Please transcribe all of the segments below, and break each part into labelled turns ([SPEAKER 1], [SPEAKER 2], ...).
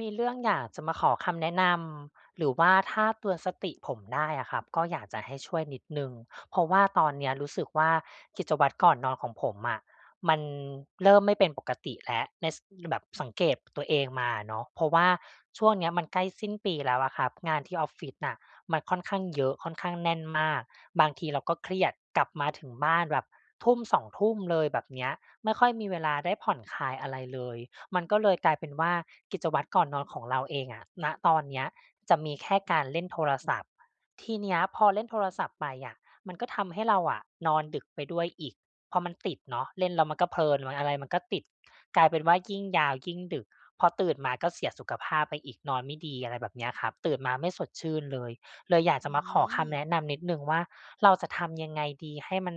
[SPEAKER 1] มีเรื่องอยากจะมาขอคำแนะนำ หรือว่าถ้าเตือนสติผมได้อะครับก็อยากจะให้ช่วยนิดหนึ่ง เพราะว่าตอนเนี้ยรู้สึกว่า กิจวัตรก่อนนอนของผมอะมันเริ่มไม่เป็นปกติแล้ว ใน ส แบบสังเกตตัวเองมาอะเนาะ เพราะว่าช่วงเนี้ยมันใกล้สิ้นปีแล้วอะครับ งานที่ออฟฟิศน่ะมันค่อนข้างเยอะ ค่อนข้างแน่นมาก บางทีเราก็เครียด กลับมาถึงบ้านแบบทุ่ม 2 ทุ่มเลยแบบเนี้ย ไม่ค่อยมีเวลาได้ผ่อนคลายอะไรเลย มันก็เลยกลายเป็นว่า กิจวัตรก่อนนอนของเราเองอะ ณ ตอนเนี้ยจะมีแค่การเล่นโทรศัพท์ ทีเนี้ยพอเล่นโทรศัพท์ไปอะมันก็ทำให้เราอะนอนดึกไปด้วยอีก เพราะมันติดเนาะ เล่นเรามันก็เพลิน ม่ะ อะไรมันก็ติด กลายเป็นว่า ยิ่งยาว ยิ่งดึก พอตื่นมาก็เสียสุขภาพไปอีก นอนไม่ดี อะไรแบบเนี้ยครับ ตื่นมาไม่สดชื่นเลย เลยอยาก
[SPEAKER 2] อ
[SPEAKER 1] จ
[SPEAKER 2] ื
[SPEAKER 1] ะมาขอค
[SPEAKER 2] ม
[SPEAKER 1] ำแนะนำนิดหนึ่งว่า เราจะทำยังไงดี? ให้มัน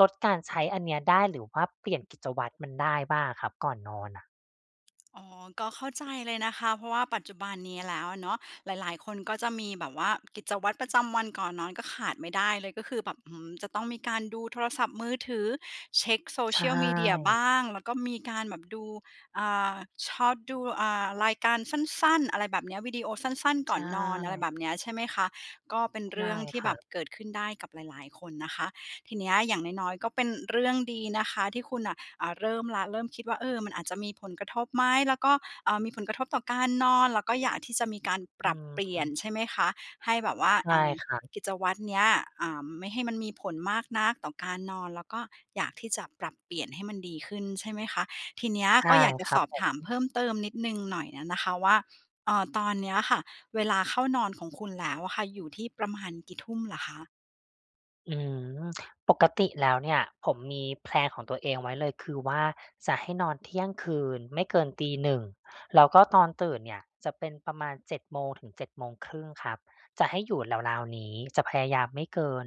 [SPEAKER 1] ลดการใช้อันเนี้ยได้ หรือว่าเปลี่ยนกิจวัตรมันได้บ้างอะครับ ก่อนนอนอะ
[SPEAKER 2] อ๋อ ก็เข้าใจเลยนะคะ เพราะว่าปัจจุบันนี้แล้วอะเนาะ หลาย ๆ คนก็จะมีแบบว่ากิจวัตรประจำวันก่อนนอน ก็ขาดไม่ได้เลยก็คือแบบ อืม จะต้องมีการดูโทรศัพท์มือถือ เช็ก
[SPEAKER 1] ใช
[SPEAKER 2] Social Media บ
[SPEAKER 1] ่
[SPEAKER 2] ้าง แล้วก็มีการแบบดู อ่า ชอบดู อ่า รายการสั้น ๆ อะไรแบบเนี้ย วีดีโอสั้น
[SPEAKER 1] ใ
[SPEAKER 2] ๆ ก่
[SPEAKER 1] ช
[SPEAKER 2] อนนอน อะไรแ
[SPEAKER 1] ่
[SPEAKER 2] บบเนี้ยใช่ไหมคะ ก็เป็น
[SPEAKER 1] ใ
[SPEAKER 2] เ
[SPEAKER 1] ช
[SPEAKER 2] รื
[SPEAKER 1] ่
[SPEAKER 2] ่องที
[SPEAKER 1] ค
[SPEAKER 2] ่
[SPEAKER 1] ร
[SPEAKER 2] แ
[SPEAKER 1] ั
[SPEAKER 2] บบ
[SPEAKER 1] บ
[SPEAKER 2] เกิดขึ้นได้กับหลาย ๆ คนนะคะ ทีเนี้ยอย่างน้อย ๆ ก็เป็นเรื่องดีนะคะที่คุณน่ะ อ่า เริ่มแล้ว เริ่มคิดว่า เออ มันอาจจะมีผลกระทบไหม? แล้วก็ อ่า มีผลกระทบต่อการนอน แล้วก็อยากที่จะมีการป
[SPEAKER 1] อื
[SPEAKER 2] รับเปลี่ย
[SPEAKER 1] ม
[SPEAKER 2] นใช่ไหมคะ ให้แบบว่า
[SPEAKER 1] ใช
[SPEAKER 2] เอ
[SPEAKER 1] ่
[SPEAKER 2] ่อ
[SPEAKER 1] ครับ
[SPEAKER 2] กิจวัตรเนี้ย อ่า ไม่ให้มันมีผลมากนักต่อการนอน แล้วก็อยากที่จะปรับเปลี่ยนให้มันดีขึ้นใช่ไหมคะ ทีเนี้ย
[SPEAKER 1] ใช
[SPEAKER 2] ก
[SPEAKER 1] ่
[SPEAKER 2] ็อยากจะ
[SPEAKER 1] คร
[SPEAKER 2] ส
[SPEAKER 1] ับ
[SPEAKER 2] อบ
[SPEAKER 1] ผ
[SPEAKER 2] ถาม
[SPEAKER 1] ม
[SPEAKER 2] เพิ่มเติมนิดหนึ่งหน่อย อะนะคะว่า เอ่อ ตอนเนี้ยค่ะเวลาเข้านอนของคุณแล้วอะค่ะ อยู่ที่ประมาณกี่ทุ่มเหรอคะ?
[SPEAKER 1] อืม ปกติแล้วเนี่ย ผมมีแพลนของตัวเองไว้เลย คือว่าจะให้นอนเที่ยงคืน ไม่เกิน 1:00 แล้วก็ตอนตื่นเนี่ย จะเป็นประมาณ 7:00-7:30 ครับ จะให้อยู่ราว ๆ นี้ จะพยายามไม่เกิน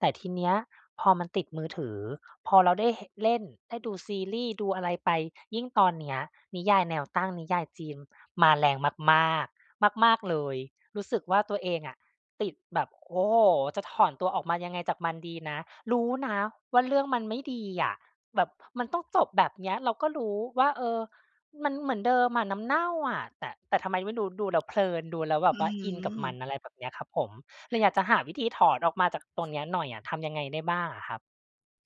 [SPEAKER 1] แต่ทีเนี้ย พอมันติดมือถือ พอเราได้เห เล่น ได้ดูซีรีส์ดูอะไรไป ยิ่งตอนเนี้ย นิยายแนวตั้งนิยายจีนมาแรงมาก ๆ มาก ๆ เลย รู้สึกว่าตัวเองอะติดแบบ โอ้โฮ! จะถอนตัวออกมายังไงจากมันดีนะ รู้นะว่าเรื่องมันไม่ดีอะ แบบมันต้องจบแบบเนี้ย เราก็รู้ว่า เออ มันเหมือนเดิมอะ น้ำเน่าอะ แต่ แต่ทำไมไม่รู้ ดูแล้วเพลิน ดูแล้วแบ
[SPEAKER 2] อ
[SPEAKER 1] บ
[SPEAKER 2] ื้
[SPEAKER 1] ว
[SPEAKER 2] อ
[SPEAKER 1] ่า
[SPEAKER 2] ฮ
[SPEAKER 1] อินกับม
[SPEAKER 2] ือ
[SPEAKER 1] ัน อะไรแบบเนี้ยครับผม เลยอยากจะหาวิธีถอนออกมาจากตรงเนี้ยหน่อยอะ ทำยังไงได้บ้างอะครับ?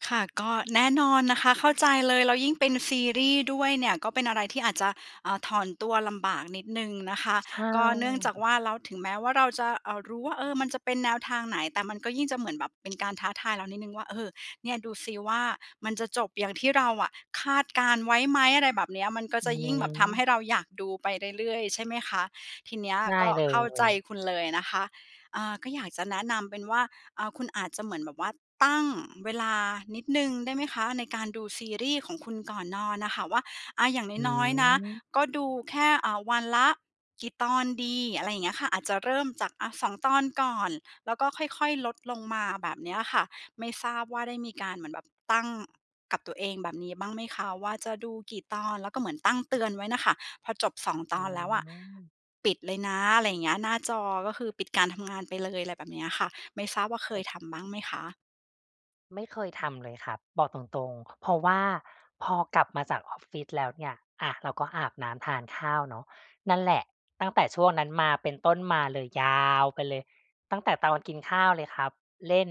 [SPEAKER 2] ค่ะ ก็ แน่นอนนะคะ เข้าใจเลย แล้วยิ่งเป็นซีรีส์ด้วยเนี่ย ก็เป็นอะไรที่อาจจะ อ่า ถอนตัวลำบากนิดหนึ่งนะคะ
[SPEAKER 1] ใช
[SPEAKER 2] ก็เนื่องจาก
[SPEAKER 1] ่
[SPEAKER 2] ว่าเรา ถึงแม้ว่าเราจะ อ่า รู้ว่า เออ มันจะเป็นแนวทางไหน แต่มันก็ยิ่งจะเหมือนแบบเป็นการท้าทายเรานิดหนึ่งว่า "เออ เนี่ยดูสิว่า มันจะจบอย่างที่เราอะคาดการณ์ไว้ไหม?" อะไรแบบเนี้ย มันก็
[SPEAKER 1] อ
[SPEAKER 2] จ
[SPEAKER 1] ื
[SPEAKER 2] ะยิ่งแบบทำให้
[SPEAKER 1] อ
[SPEAKER 2] เราอยากดูไปเรื่อย ๆ ใช่ไหมคะ ทีเนี้ย
[SPEAKER 1] ใช่
[SPEAKER 2] ก็
[SPEAKER 1] เล
[SPEAKER 2] เข้าใจ
[SPEAKER 1] ย
[SPEAKER 2] คุณเลยนะคะ อ่า ก็อยากจะแนะนำเป็นว่า อ่า คุณอาจจะเหมือนแบบว่าตั้งเวลานิดหนึ่งได้ไหมคะ? ในการดูซีรีส์ของคุณก่อนนอนน่ะค่ะ ว่า อ่า อย่าง
[SPEAKER 1] อื
[SPEAKER 2] น้อย ๆ นะ
[SPEAKER 1] อ
[SPEAKER 2] ก็ดูแค่ อ่า วันละกี่ตอนดี? อะไรอย่างเงี้ยค่ะ อาจจะเริ่มจาก อะ 2 ตอนก่อน แล้วก็ค่อย ๆ ลดลงมาแบบเนี้ยค่ะ ไม่ทราบว่าได้มีการเหมือนแบบ ตั้ง กับตัวเองแบบนี้บ้างไหมคะว่าจะดูกี่ตอน? แล้วก็เหมือนตั้งเตือนไว้น่ะค่ะ พอจบ 2 ต
[SPEAKER 1] อื
[SPEAKER 2] อนแล้วอะ
[SPEAKER 1] อ
[SPEAKER 2] ปิดเลยนะ อะไรอย่างเงี้ย หน้าจอก็คือปิดการทำงานไปเลย อะไรแบบเนี้ยค่ะ ไม่ทราบว่าเคยทำบ้างไหมคะ?
[SPEAKER 1] ไม่เคยทำเลยครับ บอกตรง ๆ เพราะว่า พอกลับมาจากออฟฟิศแล้วเนี่ย อะ เราก็อาบน้ำทานข้าวเนาะ นั่นแหละ ตั้งแต่ช่วงนั้นมาเป็นต้นมาเลย ยาวไปเลยตั้งแต่ตอนกินข้าวเลยครับ เล่น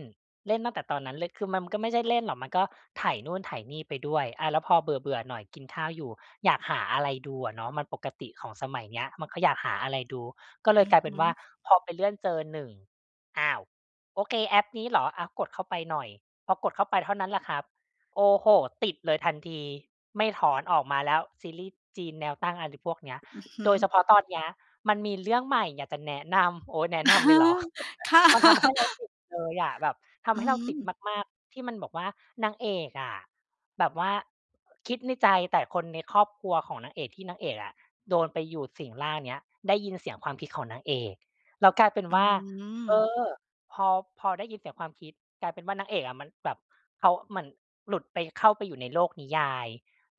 [SPEAKER 1] เล่นตั้งแต่ตอนนั้นเลย คือมันก็ไม่ใช่เล่นหรอก มันก็ไถนู่นไถ่นี่ไปด้วย อา แล้วพอเบื่อ ๆ หน่อยกินข้าวอยู่ อยากหาอะไรดูอะเนาะ มันปกติของสมัยเนี้ย มันก็อยากหาอะไรดู ก็เล
[SPEAKER 2] อื
[SPEAKER 1] ย
[SPEAKER 2] อ
[SPEAKER 1] กลายเ
[SPEAKER 2] ฮ
[SPEAKER 1] ป็นว่า
[SPEAKER 2] ึ
[SPEAKER 1] พอไปเลื่อนเจอหนึ่ง อ้าว! โอเคแอปนี้เหรอ อะ กดเข้าไปหน่อย พอกดเข้าไปเท่านั้นแหละครับ โอ้โฮ! ติดเลยทันที ไม่ถอนออกมาแล้วซีรีย์จีนแนวตั้ง อะไรพวกเนี้ย
[SPEAKER 2] อือฮึ
[SPEAKER 1] โดยเฉพาะตอนเนี้ยมันมีเรื่องใหม่อยากจะ แนะนำ โอ๊ย! แนะ
[SPEAKER 2] อ
[SPEAKER 1] น
[SPEAKER 2] ะ
[SPEAKER 1] ำ
[SPEAKER 2] ฮ
[SPEAKER 1] เล
[SPEAKER 2] ะ
[SPEAKER 1] ยเหรอ
[SPEAKER 2] ค่ะ
[SPEAKER 1] มันทำให้เราติดเลยอ่ะ แบบท
[SPEAKER 2] อื
[SPEAKER 1] ำให้เราติด
[SPEAKER 2] ม
[SPEAKER 1] มาก ๆ ที่มันบอกว่า นางเอกอะ แบบว่า คิดในใจแต่คนในครอบครัวของนางเอกที่นางเอกอะ โดนไปอยู่สิงร่างเนี้ย ได้ยินเสียงความคิดของนางเอก แล้วกลายเป็น
[SPEAKER 2] อื
[SPEAKER 1] ว่า เอ
[SPEAKER 2] ม
[SPEAKER 1] อ พอ พอได้ยินเสียงความคิด กลายเป็นว่านางเอกอะมันแบบ เขา เหมือนหลุดไป เข้าไปอยู่ในโลกนิยาย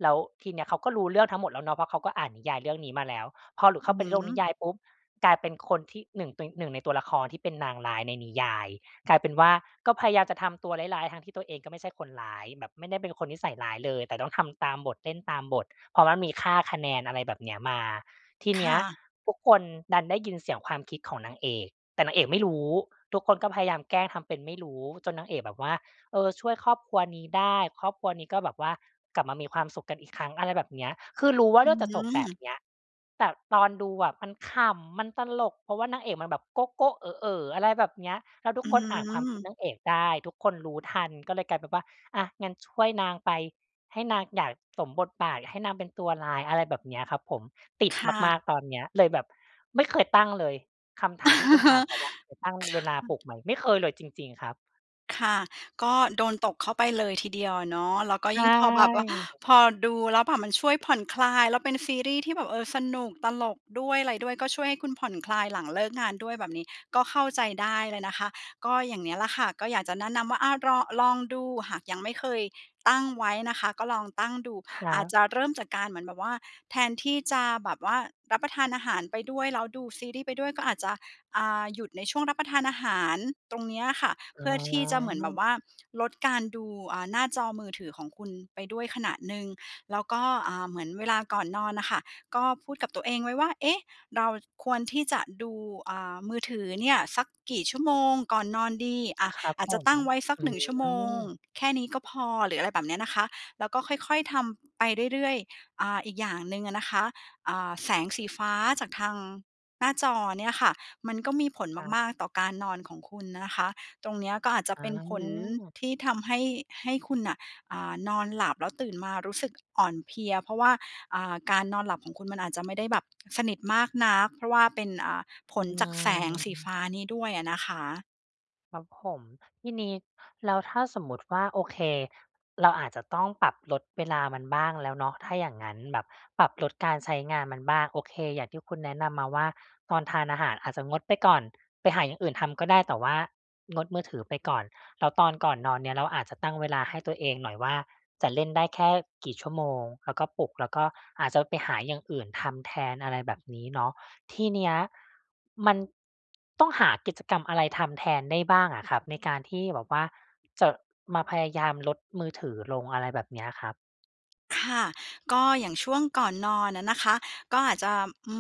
[SPEAKER 1] แล้วทีเนี้ยเขาก็รู้เรื่องทั้งหมดแล้วเนาะ เพราะเขาก็อ่านนิยายเรื่องนี้มาแล้ว พอหลุด
[SPEAKER 2] อ
[SPEAKER 1] เข
[SPEAKER 2] ื
[SPEAKER 1] ้
[SPEAKER 2] ้อ
[SPEAKER 1] าไป
[SPEAKER 2] ฮ
[SPEAKER 1] ใ
[SPEAKER 2] ื
[SPEAKER 1] นโลกนิ
[SPEAKER 2] อ
[SPEAKER 1] ยายปุ๊บ กลายเป็นคนที่หนึ่ง ตึง หนึ่งในตัวละครที่เป็นนางร้ายในนิยาย กลายเป็นว่า ก็พยายามจะทำตัวร้าย ๆ ทั้งที่ตัวเองก็ไม่ใช่คนร้ายแบบไม่ได้เป็นคนนิสัยร้ายเลย แต่ต้องทำตามบทเล่นตามบท เพราะว่ามีค่าคะแนน อะไรแบบเนี้ยมา ที
[SPEAKER 2] ค
[SPEAKER 1] เนี
[SPEAKER 2] ่
[SPEAKER 1] ้ย
[SPEAKER 2] ะ
[SPEAKER 1] ทุกคนดันได้ยินเสียงความคิดของนางเอก แต่นางเอกไม่รู้ ทุกคนก็พยายามแกล้งทำเป็นไม่รู้จนนางเอกแบบว่า เออ ช่วยครอบครัวนี้ได้ ครอบครัวนี้ก็แบบว่ากลับมามีความสุขกันอีกครั้ง อะไรแบบเนี้ย คือรู้ว่า
[SPEAKER 2] อ
[SPEAKER 1] เ
[SPEAKER 2] ื
[SPEAKER 1] ลือกจะจบแบบ
[SPEAKER 2] อ
[SPEAKER 1] เนี้ย แต่ตอนดูอะมันขำมันตลก เพราะว่านางเอกมันแบบโก๊ะ ๆ เอ๋อ ๆ อะไรแบบเนี้ย แล้วทุ
[SPEAKER 2] อื
[SPEAKER 1] กคนอ่านความคิด
[SPEAKER 2] ม
[SPEAKER 1] นางเอกได้ ทุกคนรู้ทันก็เลยกลายเป็นว่า อะ งั้นช่วยนางไปให้นางอยากสมบทบาทให้นางเป็นตัวร้าย อะไรแบบเนี้ยครับผม ติด
[SPEAKER 2] ค่
[SPEAKER 1] ม
[SPEAKER 2] ะ
[SPEAKER 1] าก ๆ ตอนเนี้ย เลยแบบไม่เคยตั้งเลย คำถามที่คุณ
[SPEAKER 2] ค
[SPEAKER 1] ถ
[SPEAKER 2] ่
[SPEAKER 1] ามมาว่า
[SPEAKER 2] ะ
[SPEAKER 1] [unintelligible] ตั้งเวลาปลุกไหม ไม่เคยเลยจริง ๆ ครับ
[SPEAKER 2] ค่ะ ก็โดนตกเข้าไปเลยทีเดียวอะเนาะ แล้วก็
[SPEAKER 1] ใช
[SPEAKER 2] ยิ่งพอแบบว่า
[SPEAKER 1] ่
[SPEAKER 2] พอดูแล้วแบบมันช่วยผ่อนคลาย แล้วเป็นซีรีส์ที่แบบ เออ สนุก ตลกด้วย อะไรด้วย ก็ช่วยให้คุณผ่อนคลายหลังเลิกงานด้วยแบบนี้ ก็เข้าใจได้เลยนะคะ ก็อย่างเนี้ยแหละค่ะ ก็อยากจะแนะนำว่า อะ รอ ลองดูหากยังไม่เคยตั้งไว้นะคะ ก็ลองตั้งดู
[SPEAKER 1] ครั
[SPEAKER 2] อาจ
[SPEAKER 1] บ
[SPEAKER 2] จะเริ่มจากการเหมือนแบบว่า แทนที่จะแบบว่ารับประทานอาหารไปด้วย แล้วดูซีรีส์ไปด้วย ก็อาจจะ อ่า หยุดในช่วงรับประทานอาหารตรงเนี้ยค่ะ
[SPEAKER 1] อ
[SPEAKER 2] เ
[SPEAKER 1] ๋
[SPEAKER 2] พื่อที่จะเหมือนแบ
[SPEAKER 1] อ
[SPEAKER 2] บว่าลดการดู อ่า หน้าจอมือถือของคุณไปด้วยขณะหนึ่ง แล้วก็ อ่า เหมือนเวลาก่อนนอนน่ะค่ะ ก็พูดกับตัวเองไว้ว่า "เอ๊ะ เราควรที่จะดู อ่า มือถือเนี่ยสักกี่ชั่วโมงก่อนนอนดี" อะ
[SPEAKER 1] ครับ
[SPEAKER 2] อาจ
[SPEAKER 1] ผ
[SPEAKER 2] จะ
[SPEAKER 1] ม
[SPEAKER 2] ตั้งไว้สัก
[SPEAKER 1] อื
[SPEAKER 2] 1 ชั่วโมง
[SPEAKER 1] ม
[SPEAKER 2] แค่นี้ก็พอ หรืออะไรแบบนี้นะคะ แล้วก็ค่อย ๆ ทำไปเรื่อย ๆ อ่า อีกอย่างหนึ่งอะนะคะ อ่า แสงสีฟ้าจากทางหน้าจอเนี่ยค่ะ มันก็มีผล
[SPEAKER 1] ครับ
[SPEAKER 2] มาก ๆ ต่อการนอนของคุณนะคะ ตรงเนี้ยก็อาจจะ
[SPEAKER 1] อ
[SPEAKER 2] เป็นผล
[SPEAKER 1] า
[SPEAKER 2] ที่ทำให้ ให้คุณน่ะ อ่า นอนหลับ แล้วตื่นมารู้สึกอ่อนเพลีย เพราะว่า อ่า การนอนหลับของคุณ มันอาจจะไม่ได้แบบ สนิทมากนัก เพราะว่าเป็น อ่า ผ
[SPEAKER 1] อื
[SPEAKER 2] ลจากแสงสี
[SPEAKER 1] อ
[SPEAKER 2] ฟ้านี้ด้วยอะนะคะ
[SPEAKER 1] ครับผม ทีนี้แล้วถ้าสมมุติว่า โอเคเราอาจจะต้องปรับลดเวลามันบ้างแล้วเนาะ ถ้าอย่างงั้นแบบปรับลดการใช้งานมันบ้าง โอเค อย่างที่คุณแนะนำมาว่า ตอนทานอาหารอาจจะงดไปก่อน ไปหาอย่างอื่นทำก็ได้ แต่ว่างดมือถือไปก่อน แล้วตอนก่อนนอนเนี่ย เราอาจจะตั้งเวลาให้ตัวเองหน่อยว่า จะเล่นได้แค่กี่ชั่วโมง แล้วก็ปลุก แล้วก็อาจจะไปหาอย่างอื่นทำแทน อะไรแบบนี้เนาะ ที่เนี้ย มันต้องหากิจกรรมอะไรทำแทนได้บ้างอะครับ? ในการที่แบบว่าจะมาพยายามลดมือถือลง อะไรแบบนี้อะครับ?
[SPEAKER 2] ค่ะ ก็อย่างช่วงก่อนนอนอะนะคะ ก็อาจจะ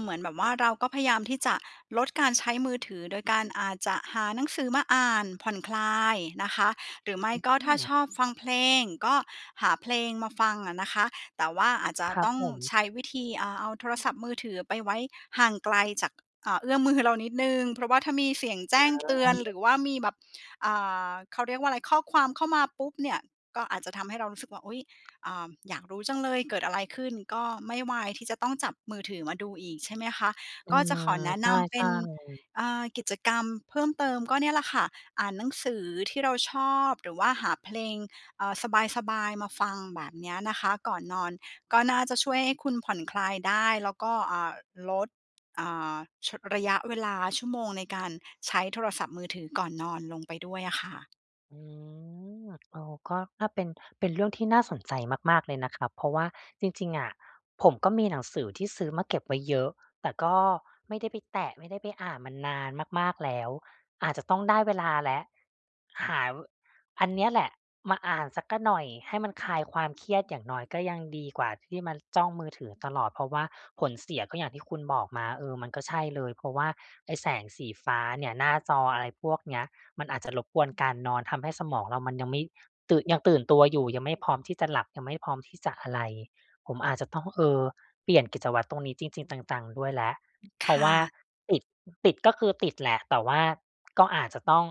[SPEAKER 2] เหมือนแบบว่า เราก็พยายามที่จะลดการใช้มือถือ โดยการอาจจะหาหนังสือมาอ่านผ่อนคลายนะคะ หรือไม่ก็
[SPEAKER 1] โอ
[SPEAKER 2] ถ้าช
[SPEAKER 1] ้
[SPEAKER 2] อบฟังเพลง ก็หาเพลงมาฟังอะนะคะ แต่ว่าอาจจะ
[SPEAKER 1] ครั
[SPEAKER 2] ต
[SPEAKER 1] บ
[SPEAKER 2] ้อง
[SPEAKER 1] ผม
[SPEAKER 2] ใช้วิธี อ่า เอาโทรศัพท์มือถือไปไว้ห่างไกลจาก อ่า เอื้อมมือเรานิดหนึ่ง เพราะว่าถ้ามีเสียงแจ
[SPEAKER 1] อ
[SPEAKER 2] ้งเตือน หร
[SPEAKER 1] า
[SPEAKER 2] ือว่ามีแบบ อ่า เขาเรียกว่าอะไร ข้อความเข้ามาปุ๊บเนี่ย ก็อาจจะทำให้เรารู้สึกว่า อุ๊ย! เอ่อ อยากรู้จังเลยเกิดอะไรขึ้น ก็ไม่วายที่จะต้องจับมือถือมาดูอีก ใช่ไหมคะ?
[SPEAKER 1] เออ
[SPEAKER 2] ก็จะขอแนะ
[SPEAKER 1] ใช
[SPEAKER 2] นำเป็
[SPEAKER 1] ่
[SPEAKER 2] น
[SPEAKER 1] ๆ
[SPEAKER 2] เอ่อ กิจกรรมเพิ่มเติม ก็เนี่ยแหละค่ะ อ่านหนังสือที่เราชอบ หรือว่าหาเพลง เอ่อ สบาย ๆ มาฟัง แบบเนี้ยนะคะ ก่อนนอน ก็น่าจะช่วยให้คุณผ่อนคลายได้ แล้วก็ อ่า ลด อ่า ช ระยะเวลาชั่วโมงในการใช้โทรศัพท์มือถือก่อนนอนลงไปด้วยอะค่ะ
[SPEAKER 1] อืม เอา ก็ ถ้าเป็น เป็นเรื่องที่น่าสนใจมาก ๆ เลยนะครับ เพราะว่าจริง ๆ อะ ผมก็มีหนังสือที่ซื้อมาเก็บไว้เยอะ แต่ก็ไม่ได้ไปแตะ ไม่ได้ไปอ่านมันนานมาก ๆ แล้ว อาจจะต้องได้เวลาแล้ว หา ว อันเนี้ยแหละมาอ่านสักกะหน่อย ให้มันคลายความเครียด อย่างน้อยก็ยังดีกว่าที่มาจ้องมือถือตลอด เพราะว่าผลเสียก็อย่างที่คุณบอกมา เออ มันก็ใช่เลย เพราะว่าไอ้แสงสีฟ้าเนี่ย หน้าจออะไรพวกเนี้ย มันอาจจะรบกวนการนอน ทำให้สมองเรามันยังไม่ ตื่น ยังตื่นตัวอยู่ ยังไม่พร้อมที่จะหลับ ยังไม่พร้อมที่จะอะไร ผมอาจจะต้อง เออ เปลี่ยนกิจวัตรตรงนี้จริง ๆ จัง ๆ ด้วยแล้ว
[SPEAKER 2] ค
[SPEAKER 1] เพราะว
[SPEAKER 2] ่
[SPEAKER 1] ่า
[SPEAKER 2] ะ
[SPEAKER 1] ติด ติด ก็คือติดแหละ แต่ว่าก็อาจจะต้อง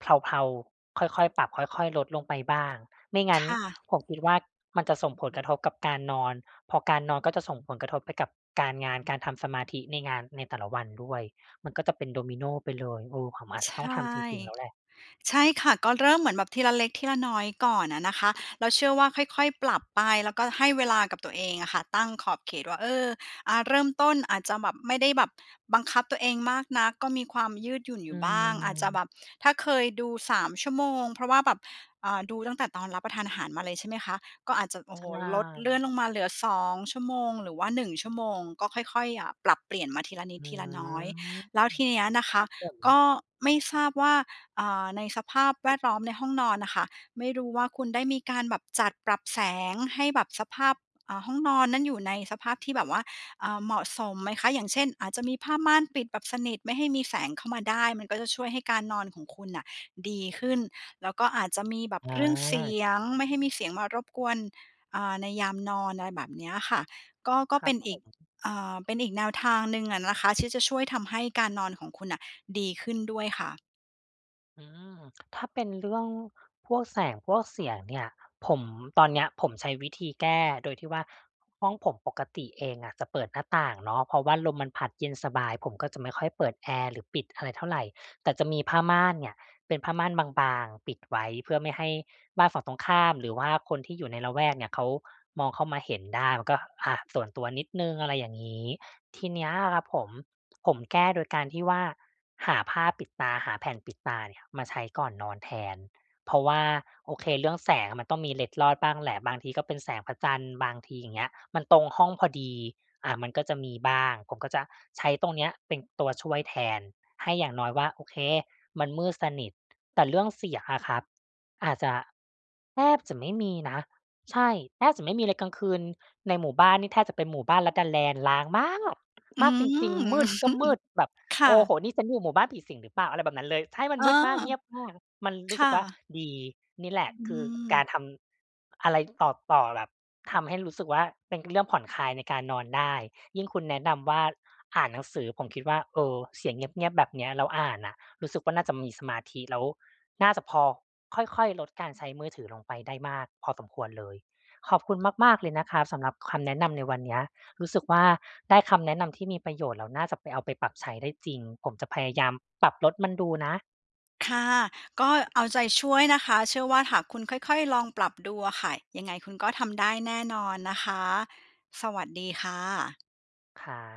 [SPEAKER 1] เพลา ๆ ค่อย ๆ ปรับค่อย ๆ ลดลงไปบ้าง ไม่ง
[SPEAKER 2] ค
[SPEAKER 1] ั้น
[SPEAKER 2] ่ะ
[SPEAKER 1] ผมคิดว่า มันจะส่งผลกระทบกับการนอน พอการนอนก็จะส่งผลกระทบไปกับการงาน การทำสมาธิในงานในแต่ละวันด้วย มันก็จะเป็นดอมิโนไปเลย เออ ผมอาจ
[SPEAKER 2] ใ
[SPEAKER 1] จ
[SPEAKER 2] ช
[SPEAKER 1] ะต้องทำจ
[SPEAKER 2] ่
[SPEAKER 1] ริง ๆ แล้วแหละ
[SPEAKER 2] ใช่ค่ะ ก็เริ่มเหมือนแบบทีละเล็กทีละน้อยก่อนอะนะคะ เราเชื่อว่าค่อย ๆ ปรับไป แล้วก็ให้เวลากับตัวเองอะค่ะ ตั้งขอบเขตว่า เออ อา เริ่มต้นอาจจะแบบ ไม่ได้แบบบังคับตัวเองมากนัก ก็มีความยืดหยุ่นอ
[SPEAKER 1] อ
[SPEAKER 2] ย
[SPEAKER 1] ื
[SPEAKER 2] ู่บ้าง อาจจะแบ
[SPEAKER 1] ม
[SPEAKER 2] บถ้าเคยดู 3 ชั่วโมง เพราะว่าแบบ อ่า ดูตั้งแต่ตอนรับประทานอาหารมาเลยใช่ไหมคะ? ก็อาจจะ โอ
[SPEAKER 1] ใ
[SPEAKER 2] ้
[SPEAKER 1] ช
[SPEAKER 2] โฮ ลด เลื่อ
[SPEAKER 1] ่
[SPEAKER 2] นลงมาเหลือ 2 ชั่วโมง หรือว่า 1 ชั่วโมง ก็ค่อย ๆ อ่า ปรับเปลี่ยนมาทีละนิด
[SPEAKER 1] หื
[SPEAKER 2] ท
[SPEAKER 1] อ
[SPEAKER 2] ีละน้อย แล้
[SPEAKER 1] ค
[SPEAKER 2] วทีเนี้ยนะค
[SPEAKER 1] ร
[SPEAKER 2] ะ
[SPEAKER 1] ับผ
[SPEAKER 2] ก
[SPEAKER 1] ม
[SPEAKER 2] ็ไม่ทราบว่า อ่า ในสภาพแวดล้อมในห้องนอนน่ะค่ะ ไม่รู้ว่าคุณได้มีการแบบจัดปรับแสง ให้แบบสภาพ อ่า ห้องนอนนั้น อยู่ในสภาพที่แบบว่า อ่า เหมาะสมไหมคะ? อย่างเช่น อาจจะมีผ้าม่านปิดแบบสนิท ไม่ให้มีแสงเข้ามาได้ มันก็จะช่วยให้การนอนของคุณน่ะดีขึ้น แล้วก็อาจจะมีแบบเรื่องเสี
[SPEAKER 1] อา
[SPEAKER 2] ยง ไม่ให้มีเสียงมารบกวน เอ่อ ในยามนอน อะไรแบบเนี้ยค่ะ ก็ ก็
[SPEAKER 1] คร
[SPEAKER 2] เ
[SPEAKER 1] ั
[SPEAKER 2] ป
[SPEAKER 1] บ
[SPEAKER 2] ็น
[SPEAKER 1] ผ
[SPEAKER 2] อีก
[SPEAKER 1] ม
[SPEAKER 2] เอ่อ เป็นอีกแนวทางหนึ่งอะนะคะ ที่จะช่วยทำให้การนอนของคุณน่ะ ดีขึ้นด้วยค่ะ
[SPEAKER 1] อืม ถ้าเป็นเรื่องพวกแสงพวกเสียงเนี่ย ผม ตอนเนี้ยผมใช้วิธีแก้โดยที่ว่า ห้องผมปกติเองอะจะเปิดหน้าต่างเนาะ เพราะว่าลมมันผลัดเย็นสบาย ผมก็จะไม่ค่อยเปิดแอร์ หรือปิดอะไรเท่าไร แต่จะมีผ้าม่านเนี่ย เป็นผ้าม่านบาง ๆ ปิดไว้ เพื่อไม่ให้บ้านฝั่งตรงข้าม หรือว่าคนที่อยู่ในละแวกเนี่ยเขามองเข้ามาเห็นได้ มันก็ อา ส่วนตัวนิดหนึ่ง อะไรอย่างงี้ ทีนี้ครับผม ผมแก้โดยการที่ว่า หาผ้าปิดตา หาแผ่นปิดตาเนี่ยมาใช้ก่อนนอนแทน เพราะว่า โอเค เรื่องแสงมันต้องมีเล็ดลอดบ้างแหละ บางทีก็เป็นแสงพระจันทร์ บางทีอย่างเงี้ย มันตรงห้องพอดี อ่า มันก็จะมีบ้าง ผมก็จะใช้ตรงนี้เป็นตัวช่วยแทน ให้อย่างน้อยว่า โอเค มันมืดสนิท แต่เรื่องเสียอะครับ อาจจะ แทบจะไม่มีนะ ใช่ แทบจะไม่มีเลย กลางคืนในหมู่บ้านนี่แทบจะเป็นหมู่บ้านลัดดาแลนด์ ร้าง มาก!
[SPEAKER 2] อื้
[SPEAKER 1] ม
[SPEAKER 2] อ
[SPEAKER 1] ากจ
[SPEAKER 2] ฮ
[SPEAKER 1] ริง ๆ มืดก็
[SPEAKER 2] ือ
[SPEAKER 1] มืด แบบ
[SPEAKER 2] ค
[SPEAKER 1] โ
[SPEAKER 2] ่
[SPEAKER 1] อ้โ
[SPEAKER 2] ะ
[SPEAKER 1] ฮ! นี่ฉันอยู่หมู่บ้านผีสิงหรือเปล่า! อะไรแบบนั้นเลย ใช่ มัน
[SPEAKER 2] อ๋อ
[SPEAKER 1] มืดมาก เงียบมาก มันร
[SPEAKER 2] ค
[SPEAKER 1] ู้ส
[SPEAKER 2] ่
[SPEAKER 1] ึกว่า
[SPEAKER 2] ะ
[SPEAKER 1] ดี นี่แหล
[SPEAKER 2] อ
[SPEAKER 1] ะคือก
[SPEAKER 2] ืม
[SPEAKER 1] ารทำ อะไรต่อ ต่อแบบ ทำให้รู้สึกว่า เป็น ก เรื่องผ่อนคลายในการนอนได้ ยิ่งคุณแนะนำว่า อ่านหนังสือ ผมคิดว่า เออ เสียงเงียบ ๆ แบบเนี้ยเราอ่านน่ะ รู้สึกว่าน่าจะมีสมาธิ แล้ว น่าจะพอ ค่อย ๆ ลดการใช้มือถือลงไปได้มากพอสมควรเลย ขอบคุณมาก ๆ เลยนะครับสำหรับ ค คำแนะนำในวันเนี้ย รู้สึกว่า ได้คำแนะนำที่มีประโยชน์ แล้วน่าจับไป เอาไปปรับใช้ได้จริง ผมจะพยายามปรับลดมันดูนะ
[SPEAKER 2] ค่ะ ก็เอาใจช่วยนะคะ เชื่อว่าหากคุณค่อย ๆ ลองปรับดูอะค่ะ ยังไงคุณก็ทำได้แน่นอนนะคะ สวัสดีค่ะ
[SPEAKER 1] ข่า